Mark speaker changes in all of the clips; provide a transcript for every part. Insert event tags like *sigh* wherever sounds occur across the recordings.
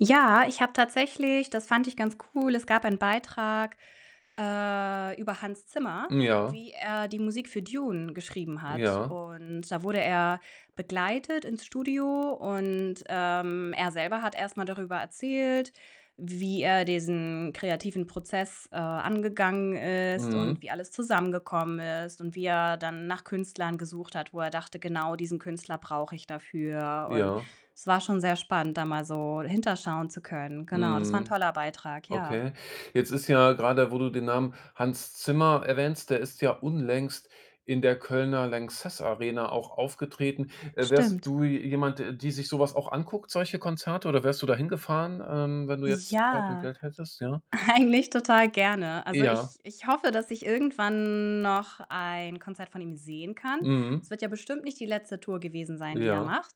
Speaker 1: Ja, ich habe tatsächlich das fand ich ganz cool, es gab einen Beitrag, äh, über Hans Zimmer,
Speaker 2: Hm, ja.
Speaker 1: wie er die Musik für „Dune“ geschrieben hat
Speaker 2: Ja.
Speaker 1: und da wurde er begleitet ins Studio und, ähm, er selber hat erst darüber erzählt, wie er diesen kreativen Prozess, äh, angegangen ist und
Speaker 2: Mhm.
Speaker 1: wie alles zusammengekommen ist und wie er dann nach Künstlern gesucht hat, wo er dachte: „Genau diesen Künstler brauche ich dafür.“ Und
Speaker 2: Ja.
Speaker 1: es war schon sehr spannend, da mal so hinterschauen zu können. Genau, das war 'n
Speaker 2: Mhm,
Speaker 1: toller Beitrag, ja.
Speaker 2: okay. Jetzt ist ja grade wo du den Namen Hans Zimmer erwähnst, der ist ja unlängst in der Kölner LANXESS Arena auch aufgetreten. Äh, wärst
Speaker 1: Stimmt.
Speaker 2: du je jemand, der die sich so was auch anguckt, solche Konzerte? Oder wärst du da hingefahren, ähm, wenn du jetzt Zeit und
Speaker 1: Ja.
Speaker 2: Geld hättest, ja?
Speaker 1: Eigentlich total gerne. Also,
Speaker 2: Ja.
Speaker 1: ich ich hoffe, dass ich irgendwann noch ein Konzert von ihm sehen kann.
Speaker 2: Mhm.
Speaker 1: Es wird ja bestimmt nicht die letzte Tour gewesen sein, die er
Speaker 2: Ja.
Speaker 1: macht.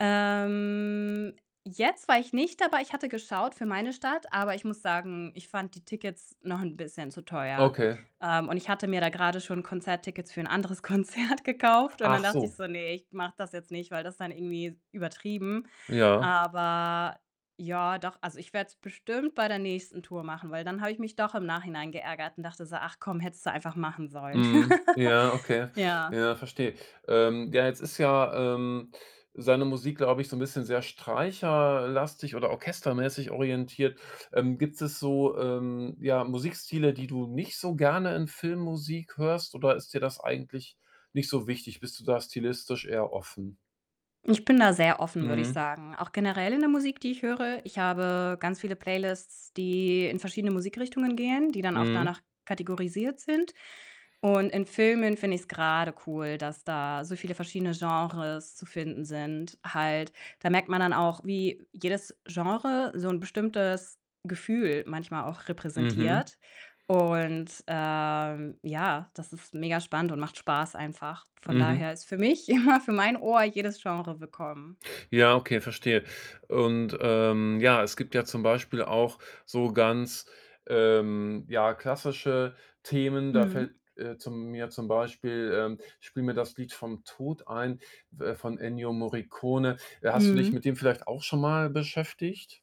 Speaker 1: Ähm, jetzt war ich nicht dabei. Ich hatte geschaut für meine Stadt, aber ich muss sagen, ich fand die Tickets noch 'n bisschen zu teuer.
Speaker 2: Okay.
Speaker 1: Ähm, und ich hatte mir da grade schon Konzerttickets für 'n anderes Konzert gekauft und dann
Speaker 2: Ach
Speaker 1: dachte ich
Speaker 2: so.
Speaker 1: so: „Ne, ich mache das jetzt nicht, weil das ist dann irgendwie übertrieben.“
Speaker 2: Ja.
Speaker 1: Aber ja, doch, also, ich werde es bestimmt bei der nächsten Tour machen, weil dann habe ich mich doch im Nachhinein geärgert und dachte so: „Ach, komm, hättest du einfach machen sollen.“
Speaker 2: Mhm,
Speaker 1: *laughs*
Speaker 2: ja, okay.
Speaker 1: Ja.
Speaker 2: Ja, verstehe. Ähm, ja, jetzt ist ja, ähm, seine Musik, glaube ich, so 'n bisschen sehr streicher äh, lastig oder orchestermäßig orientiert. Ähm, gibt es so, ähm, ja, Musikstile, die du nicht so gerne in Filmmusik hörst, oder ist dir das eigentlich nicht so wichtig? Bist du da stilistisch eher offen?
Speaker 1: Ich bin da sehr offen, würde ich
Speaker 2: Mhm.
Speaker 1: sagen. Auch generell in der Musik, die ich höre. Ich habe ganz viele Playlists, die in verschiedene Musikrichtungen gehen, die dann auch
Speaker 2: Mhm.
Speaker 1: danach kategorisiert sind. Und in Filmen finde ich's grade cool, dass da so viele verschiedene Genres zu finden sind halt. Da merkt man dann auch, wie jedes Genre so 'n bestimmtes Gefühl manchmal auch
Speaker 2: Mhm.
Speaker 1: repräsentiert und, ähm, ja, das ist megaspannend und macht Spaß einfach. Von
Speaker 2: Mhm.
Speaker 1: daher ist für mich immer für mein Ohr jedes Genre willkommen.
Speaker 2: Ja, okay, verstehe und, ähm, ja, es gibt ja zum Beispiel auch so ganz, ähm, ja, klassische Themen. Da
Speaker 1: Mhm.
Speaker 2: fällt, äh, zu mir zum Beispiel, ähm, „Spiel mir das Lied vom Tod“ ein, äh, von Ennio Morricone. Äh, hast du dich
Speaker 1: Mhm.
Speaker 2: mit dem vielleicht auch schon mal beschäftigt?